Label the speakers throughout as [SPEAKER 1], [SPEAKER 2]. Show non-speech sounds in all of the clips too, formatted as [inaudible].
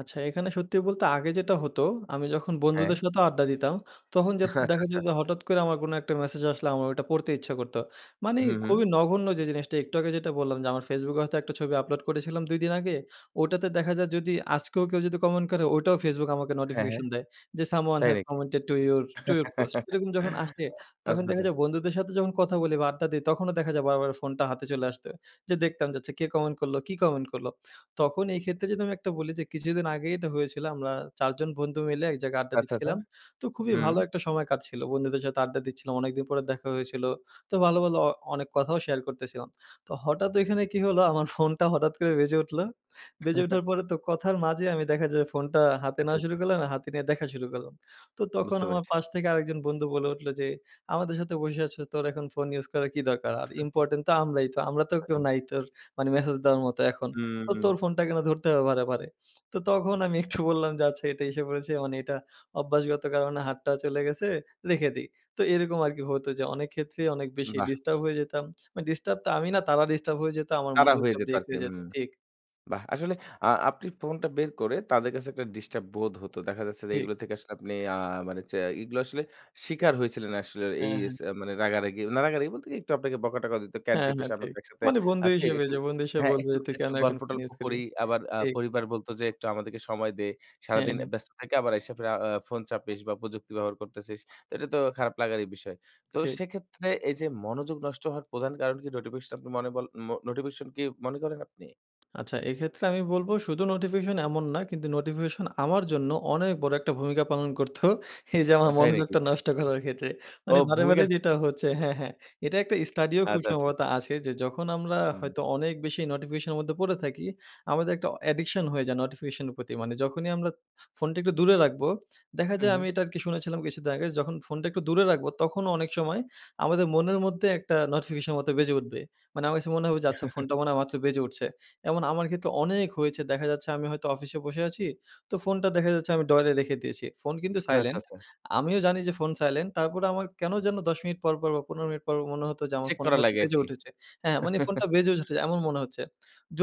[SPEAKER 1] আচ্ছা, এখানে সত্যি বলতে আগে যেটা হতো আমি যখন
[SPEAKER 2] হ্যাঁ।
[SPEAKER 1] বন্ধুদের সাথেও আড্ডা দিতাম, তখন যা
[SPEAKER 2] আচ্ছা,
[SPEAKER 1] দেখা যায়
[SPEAKER 2] আচ্ছা।
[SPEAKER 1] যে হঠাৎ করে আমার কোনো একটা মেসেজ আসলে আমার ওটা পড়তে ইচ্ছা করত। মানে
[SPEAKER 2] হুম, হুম।
[SPEAKER 1] খুবই নগণ্য যে জিনিসটা একটু আগে যেটা বললাম যে আমার Facebook এ হয়তো একটা ছবি আপলোড করেছিলাম ২ দিন আগে, ওটাতে দেখা যায় যদি আজকেও কেউ যদি কমেন্ট করে ওটাও Facebook আমাকে
[SPEAKER 2] হ্যাঁ, হ্যাঁ।
[SPEAKER 1] নোটিফিকেশন দেয়। যে, "Someone
[SPEAKER 2] তাই
[SPEAKER 1] has
[SPEAKER 2] নাকি?
[SPEAKER 1] commented to your to your post."
[SPEAKER 2] [chuckles]
[SPEAKER 1] এরকম যখন আসে তখন
[SPEAKER 2] আচ্ছা,
[SPEAKER 1] দেখা
[SPEAKER 2] আচ্ছা।
[SPEAKER 1] যায় বন্ধুদের সাথে যখন কথা বলি বা আড্ডা দেই তখনও দেখা যায় বারবার ফোনটা হাতে চলে আসতো। যে দেখতাম যে, "আচ্ছা কে কমেন্ট করলো, কি কমেন্ট করলো?" তখন এই ক্ষেত্রে যদি আমি একটা বলি যে কিছুদিন আগেই এটা হয়েছিল। আমরা ৪ জন বন্ধু মিলে এক জায়গায় আড্ডা
[SPEAKER 2] আচ্ছা, আচ্ছা।
[SPEAKER 1] দিচ্ছিলাম। তো খুবই
[SPEAKER 2] হুম।
[SPEAKER 1] ভালো একটা সময় কাটছিল। বন্ধুদের সাথে আড্ডা দিচ্ছিলাম। অনেকদিন পরে দেখা হয়েছিল। তো ভালো, ভালো আ অনেক কথাও শেয়ার করতেছিলাম। তো হঠাৎ ঐখানে কি হলো আমার ফোনটা হঠাৎ করে বেজে উঠল। বেজে
[SPEAKER 2] [chuckles]
[SPEAKER 1] উঠার পরে তো কথার মাঝে আমি দেখা যায় ফোনটা হাতে
[SPEAKER 2] আচ্ছা,
[SPEAKER 1] নেওয়া শুরু
[SPEAKER 2] আচ্ছা।
[SPEAKER 1] করলাম, আর হাতে নিয়ে দেখা শুরু করলাম। তো তখন
[SPEAKER 2] বুঝতে
[SPEAKER 1] আমার
[SPEAKER 2] পেরেছি।
[SPEAKER 1] পাশ থেকে আরেকজন বন্ধু বলে উঠল যে, "আমাদের সাথে বসে আছো তোর এখন ফোন ইউজ করার কী দরকার? আর
[SPEAKER 2] [chuckles]
[SPEAKER 1] ইম্পোর্টেন্ট তো আমরাই তো আমরা তো কেউ
[SPEAKER 2] আচ্ছা।
[SPEAKER 1] নাই তোর মানে মেসেজ দেওয়ার মতো এখন। তো
[SPEAKER 2] হুম।
[SPEAKER 1] তোর ফোনটা কেন ধরতে হবে বারেবারে?" তো তখন আমি একটু বললাম যে, "আচ্ছা এটা এসে পড়েছে মানে এটা অভ্যাসগত কারণে হাতটা চলে গেছে, রেখে দিই।" তো এরকম আর কি হতো যে অনেক ক্ষেত্রেই অনেক বেশি
[SPEAKER 2] বাহ!
[SPEAKER 1] ডিস্টার্ব হয়ে যেতাম। মানে ডিস্টার্ব তো আমি না তারা ডিস্টার্ব হয়ে যেত, আমার
[SPEAKER 2] তারা হয়ে
[SPEAKER 1] মনোযোগটা
[SPEAKER 2] যেত
[SPEAKER 1] ব্রেক
[SPEAKER 2] আরকি।
[SPEAKER 1] হয়ে যেত।
[SPEAKER 2] হুম।
[SPEAKER 1] ঠিক।
[SPEAKER 2] বাহ! আসলে আ আপনি ফোনটা বের করে তাদের কাছে একটা ডিস্টার্ব বোধ হত। দেখা যাচ্ছে যে
[SPEAKER 1] ঠিক।
[SPEAKER 2] এগুলো থেকে আসলে আপনি আ মানে চে এগুলো আসলে শিকার হয়েছিলেন আসলে এই
[SPEAKER 1] হ্যাঁ,
[SPEAKER 2] ইস
[SPEAKER 1] হ্যাঁ।
[SPEAKER 2] মানে রাগারাগি না রাগারাগি বলতে কি একটু আপনাকে বকাটকা দিত। "ক্যান
[SPEAKER 1] হ্যাঁ,
[SPEAKER 2] টিপিস?
[SPEAKER 1] হ্যাঁ,
[SPEAKER 2] আমরা
[SPEAKER 1] ঠিক।
[SPEAKER 2] তো একসাথে
[SPEAKER 1] মানে বন্ধু
[SPEAKER 2] আছি
[SPEAKER 1] হিসেবে
[SPEAKER 2] একটু
[SPEAKER 1] যে বন্ধু হিসেবে
[SPEAKER 2] হ্যাঁ
[SPEAKER 1] বলবে,
[SPEAKER 2] একটু
[SPEAKER 1] "তুই কেন
[SPEAKER 2] একটু
[SPEAKER 1] এখন
[SPEAKER 2] গল্প
[SPEAKER 1] ফোন
[SPEAKER 2] টল্প
[SPEAKER 1] ইউজ করবি?"
[SPEAKER 2] করি," আবার আ
[SPEAKER 1] ঠিক।
[SPEAKER 2] পরিবার বলত যে, "একটু আমাদেরকে সময় দে।
[SPEAKER 1] হ্যাঁ,
[SPEAKER 2] সারাদিন
[SPEAKER 1] হ্যাঁ।
[SPEAKER 2] ব্যস্ত থাইকা আবার আইসা ফেরা আ ফোন চাপিস বা প্রযুক্তি ব্যবহার করতেছিস।" তো এটা তো খারাপ লাগারই বিষয়। তো
[SPEAKER 1] ঠিক।
[SPEAKER 2] সেক্ষেত্রে এই যে মনোযোগ নষ্ট হওয়ার প্রধান কারণ কি নোটিফিকেশন আপনি মনে বল মো নোটিফিকেশন কি মনে করেন আপনি?
[SPEAKER 1] আচ্ছা। এক্ষেত্রে আমি বলবো শুধু নোটিফিকেশন এমন না কিন্তু নোটিফিকেশন আমার জন্য অনেক বড় একটা ভূমিকা পালন করত এই যে
[SPEAKER 2] ও
[SPEAKER 1] আমার
[SPEAKER 2] তাই নাকি?
[SPEAKER 1] মনোযোগটা নষ্ট করার ক্ষেত্রে।
[SPEAKER 2] ও
[SPEAKER 1] মানে বারে,
[SPEAKER 2] ভূমিকা
[SPEAKER 1] বারে যেটা হচ্ছে হ্যাঁ, হ্যাঁ। এটা একটা স্টাডিও খুব
[SPEAKER 2] আচ্ছা, আচ্ছা।
[SPEAKER 1] সম্ভবত আছে যে যখন আমরা
[SPEAKER 2] হুম।
[SPEAKER 1] হয়তো অনেক বেশি নোটিফিকেশন এর মধ্যে পড়ে থাকি, আমাদের একটা অ অ্যাডিকশন হয়ে যায় নোটিফিকেশন এর প্রতি। মানে যখনই আমরা ফোনটা একটু দূরে রাখবো, দেখা
[SPEAKER 2] হুম,
[SPEAKER 1] যায় আমি
[SPEAKER 2] হুম।
[SPEAKER 1] এটা আরকি শুনেছিলাম কিছুদিন আগে যখন ফোনটা একটু দূরে রাখবো তখনও অনেক সময় আমাদের মনের মধ্যে একটা নোটিফিশনে মতো বেজে উঠবে। আমার কাছে মনে হবে যে আচ্ছা
[SPEAKER 2] [chuckles]
[SPEAKER 1] ফোনটা মনে হয় মাত্র বেজে উঠছে। এমন আমার ক্ষেত্রে অনেক হয়েছে দেখা যাচ্ছে আমি হয়তো অফিসে বসে আছি তো ফোনটা দেখা যাচ্ছে আমি ড্রয়ারে রেখে দিয়েছি। ফোন কিন্তু
[SPEAKER 2] আচ্ছা,
[SPEAKER 1] সাইলেন্ট,
[SPEAKER 2] আচ্ছা।
[SPEAKER 1] আমিও জানি যে ফোন সাইলেন্ট তারপরে আমার কেন যেনো ১০ মিনিট পরপর বা ১৫ মিনিট পর মনে হতো যে আমার
[SPEAKER 2] চেক
[SPEAKER 1] ফোনটা
[SPEAKER 2] করা
[SPEAKER 1] হয়তো
[SPEAKER 2] লাগে
[SPEAKER 1] বেজে
[SPEAKER 2] আরকি।
[SPEAKER 1] উঠেছে। হ্যাঁ, মানে ফোনটা
[SPEAKER 2] [chuckles]
[SPEAKER 1] বেজেও উঠেছে এমন মনে হচ্ছে,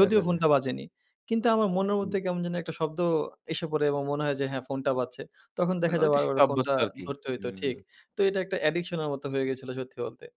[SPEAKER 2] আচ্ছা, আচ্ছা।
[SPEAKER 1] ফোনটা বাজেনি। কিন্তু আমার মনের
[SPEAKER 2] হুম।
[SPEAKER 1] মধ্যে কেমন যেন একটা শব্দ এসে পড়ে এবং মনে হয় যে হ্যাঁ ফোনটা বাজছে। তখন
[SPEAKER 2] মানে
[SPEAKER 1] দেখা যায়
[SPEAKER 2] ঐটার সাথে
[SPEAKER 1] বারেবারে
[SPEAKER 2] অভ্যস্ত
[SPEAKER 1] ফোনটা
[SPEAKER 2] আরকি।
[SPEAKER 1] ধরতে হইতো, ঠিক।
[SPEAKER 2] হুম।
[SPEAKER 1] তো এটা একটা অ্যাডিকশনের মতো হয়ে গেছিলো সত্যি বলতে।